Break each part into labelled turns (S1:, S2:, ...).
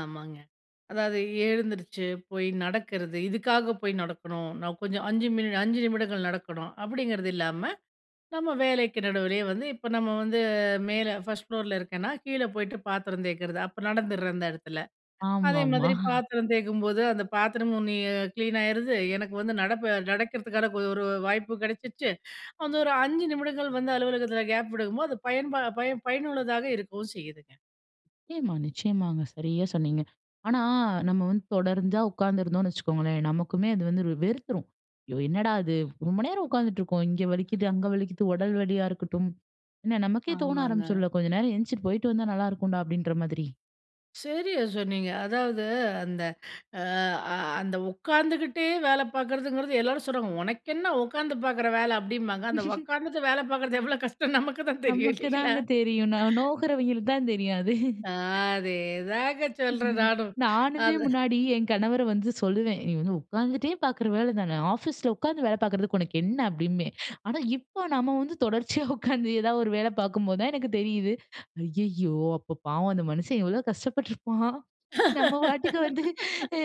S1: ஆமாங்க. அதாவது எழுந்துருச்சு போய் நடக்கிறது. இதுக்காக போய் நடக்கணும், நான் கொஞ்சம் 5 மினி 5 நிமிடங்கள் நடக்கணும், அப்பிடிங்கிறது இல்லாம, நம்ம வேலைக்கு நடுவிலேயே வந்து, இப்போ நம்ம வந்து மேல, ஃபர்ஸ்ட் ஃப்ளோர்ல இருக்கேன்னா, கீழ போய்ட்டு பாத்திரம் தேய்க்கிறது. அப்ப நடந்துடுறேன், அந்த இடத்துல. அதே
S2: ஆமாமா.
S1: மாதிரி பாத்திரம் தேய்க்கும்போது, அந்த பாத்திரமும் நீ கிளீன் ஆயிருது, எனக்கு வந்து நடப்ப நடக்கிறதுக்கான கொ ஒரு வாய்ப்பும் கிடைச்சிடுச்சு, அந்த ஒரு 5 நிமிடங்கள் வந்து அலுவலகத்தில கேப் விடுக்கும்போது, அது பயன்பா பயன் பயனுள்ளதாக இருக்கவும் செய்யுதுங்க.
S2: நிச்சயமா, நிச்சயமாங்க சரியா சொன்னீங்க. ஆனா, நம்ம வந்து தொடர்ந்து உட்கார்ந்திருந்தோம்ன்னு வைச்சுக்கோங்களேன், நமக்குமே அது வந்து வெறு வெறுத்துரும். "ஐயோ! என்னடா அது. ரொம்ப நேரம் உட்கார்ந்துட்டு இருக்கோம். இங்க வலிக்கிது, அங்க வலிக்கிது." உடல் வலியா இருக்கட்டும். என்ன நமக்கே தோன
S1: ஆமாங்க.
S2: ஆரம்பிச்சிரும்ல. "கொஞ்சம் நேரம் எந்திச்சு போய்ட்டு வந்தா நல்லா இருக்கும்டா" அப்டின்ற மாதிரி.
S1: சரியா சொன்னீங்க. அதாவது அந்த அ அ அந்த உட்காந்துகிட்டே வேலை பார்க்கறதுங்கிறது, எல்லாரும் சொல்றாங்க. "உனக்கென்ன உக்காந்து பாக்குற வேலை." அப்படீம்பாங்க. அந்த உட்காந்துட்டு வேலை பாக்கறது எவ்வளோ கஷ்டம்னு நமக்குதான் தெரியும்.
S2: நமக்கு
S1: இல்லைங்களா?
S2: தாங்க தெரியும். நா நோகுறவைங்களுக்கு தான் தெரியும் அது.
S1: அ அதேதாங்க சொல்றேன் நானும்.
S2: நானுமே
S1: அது
S2: முன்னாடி என் கணவர வந்து சொல்லுவேன். "நீ வந்து உட்கார்ந்துட்டே பாக்கிற வேலை தான. ஆஃபீஸில உட்கார்ந்து வேலை பார்க்கிறதுக்கு உனக்கு என்ன?" அப்படின்பேன். ஆனா, இப்போ நம்ம வந்து தொடர்ச்சியா உட்கார்ந்து, ஏதாவது ஒரு வேலை பாக்கும்போது தான் எனக்கு தெரியுது. ஐயயோ! அப்போ பாவம் அந்த மனுஷன். எவ்வளோ கஷ்டப்பட்டுருப்பான். நம்ம பாட்டுக்கு வந்து, அ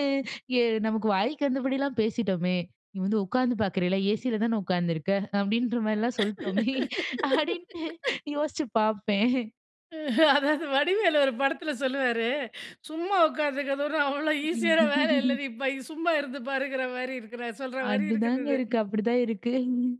S2: எ நமக்கு வாய்க்கு வந்தபடிலாம் பேசிட்டோமே. "நீ வந்து உட்காந்து பார்க்குறேல்ல. ஏசில தான உட்கார்ந்துருக்க." அப்படின்றமாரிலாம் சொல்லிட்டோமே அப்டின்ட்டு யோசிச்சு பாப்பேன்.
S1: அதாவது வடிவேலு ஒரு படத்துல சொல்லுவாரு. சும்மா உக்காந்திருக்கறது ஒண்ணும் அவ்வளோ ஈசியான வேலை இல்ல. நீ இப்ப இ சும்மா இருந்து பாருங்கற மாரி இருக்கு. நான் சொல்ற மாரி இருக்குது
S2: அப்டிதாங்க
S1: இது.
S2: இருக்கு. அப்படிதான் இருக்கு.